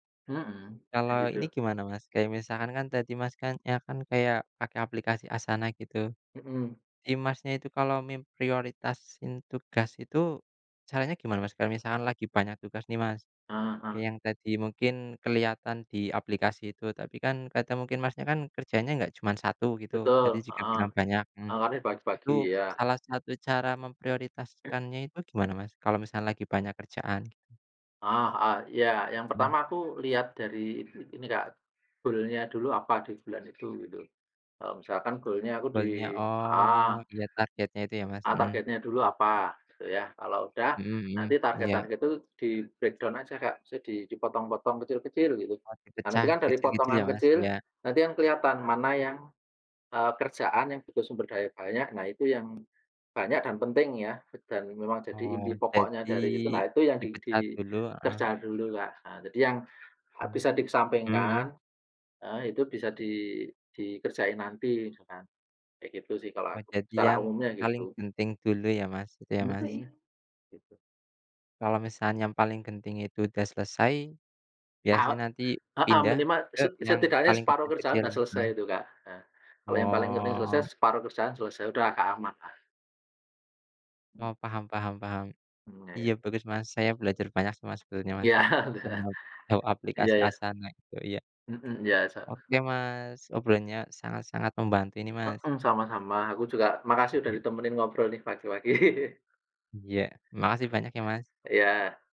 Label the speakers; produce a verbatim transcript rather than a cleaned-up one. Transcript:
Speaker 1: Mhm, kayak
Speaker 2: Kalau ini
Speaker 1: gitu.
Speaker 2: gimana Mas, kayak misalkan kan tadi Mas kan ya kan kayak, pakai aplikasi Asana gitu.
Speaker 1: Mhm.
Speaker 2: Si Masnya itu kalau memprioritasin tugas itu, caranya gimana Mas? Kalau misalkan lagi banyak tugas nih Mas,
Speaker 1: Heeh.
Speaker 2: yang tadi mungkin kelihatan di aplikasi itu tapi kan kadang mungkin Masnya kan kerjanya enggak cuman satu gitu. Tadi
Speaker 1: Betul,
Speaker 2: juga
Speaker 1: heeh,
Speaker 2: bilang banyak mhm.
Speaker 1: mangkanya
Speaker 2: Itu
Speaker 1: pagi-pagi ya.
Speaker 2: salah satu cara memprioritaskannya itu gimana Mas, kalau misalnya lagi banyak kerjaan, gitu?
Speaker 1: Ah, heeh, iya yang
Speaker 2: Hmm.
Speaker 1: pertama aku lihat dari in ini Kak, goal-nya dulu apa di bulan itu, gitu. Kalau misalkan goal-nya aku di
Speaker 2: Goal-nya oh,
Speaker 1: heeh.
Speaker 2: iya targetnya itu ya Mas,
Speaker 1: Ah
Speaker 2: mhm.
Speaker 1: targetnya dulu apa, gitu ya, kalau udah
Speaker 2: Mhm mhm.
Speaker 1: nanti
Speaker 2: Iya.
Speaker 1: target-target itu di breakdown aja Kak. Maksudnya dipotong-potong kecil-kecil gitu.
Speaker 2: Oh,
Speaker 1: Nah, nanti
Speaker 2: dipecah
Speaker 1: kan dari
Speaker 2: kecil-kecil ya
Speaker 1: potongan
Speaker 2: Mas,
Speaker 1: kecil,
Speaker 2: iya.
Speaker 1: nanti kan kelihatan mana yang, eee, kerjaan yang butuh sumber daya banyak, nah itu yang banyak dan penting ya, dan memang jadi
Speaker 2: Oh,
Speaker 1: inti pokoknya
Speaker 2: jadi
Speaker 1: dari itu. Nah, itu yang di
Speaker 2: dipecah dulu, heeh.
Speaker 1: dikerjakan dulu Kak, heeh. Jadi, yang, eee,
Speaker 2: Hmm,
Speaker 1: bisa
Speaker 2: hmm
Speaker 1: dikesampingkan
Speaker 2: hmm.
Speaker 1: heeh, itu bisa di dikerjain nanti misalkan. Kayak gitu sih kalau
Speaker 2: Wah,
Speaker 1: aku,
Speaker 2: jadi
Speaker 1: secara
Speaker 2: yang
Speaker 1: umumnya,
Speaker 2: paling
Speaker 1: gitu.
Speaker 2: penting dulu ya Mas, gitu ya Mas?
Speaker 1: Mhm. Gitu.
Speaker 2: Kalau misalnya yang paling genting itu udah selesai, biasanya
Speaker 1: Ah,
Speaker 2: nanti
Speaker 1: e heeh,
Speaker 2: pindah
Speaker 1: minimal
Speaker 2: ke
Speaker 1: se
Speaker 2: yang
Speaker 1: setidaknya
Speaker 2: paling
Speaker 1: separuh kerjaan
Speaker 2: kecil-kecil,
Speaker 1: udah selesai
Speaker 2: heeh.
Speaker 1: itu Kak, hah. Kalau yang paling penting
Speaker 2: Oh.
Speaker 1: selesai separuh kerjaan selesai. Udah agak amanlah.
Speaker 2: Oh paham paham paham.
Speaker 1: Hmm, ya
Speaker 2: Iya
Speaker 1: ya.
Speaker 2: bagus, Mas. Saya belajar banyak sama Mas, sebetulnya Mas.
Speaker 1: Iya.
Speaker 2: Sama tahu
Speaker 1: Iya,
Speaker 2: aplikasi
Speaker 1: ya.
Speaker 2: Asana itu, iya.
Speaker 1: Mhm iya, se
Speaker 2: Oke Mas, obrolannya sangat-sangat membantu ini Mas.
Speaker 1: Mhm, sama-sama. Aku juga makasih udah
Speaker 2: Iya.
Speaker 1: ditemenin ngobrol nih pagi-pagi.
Speaker 2: Iya, makasih banyak ya Mas!
Speaker 1: Iya.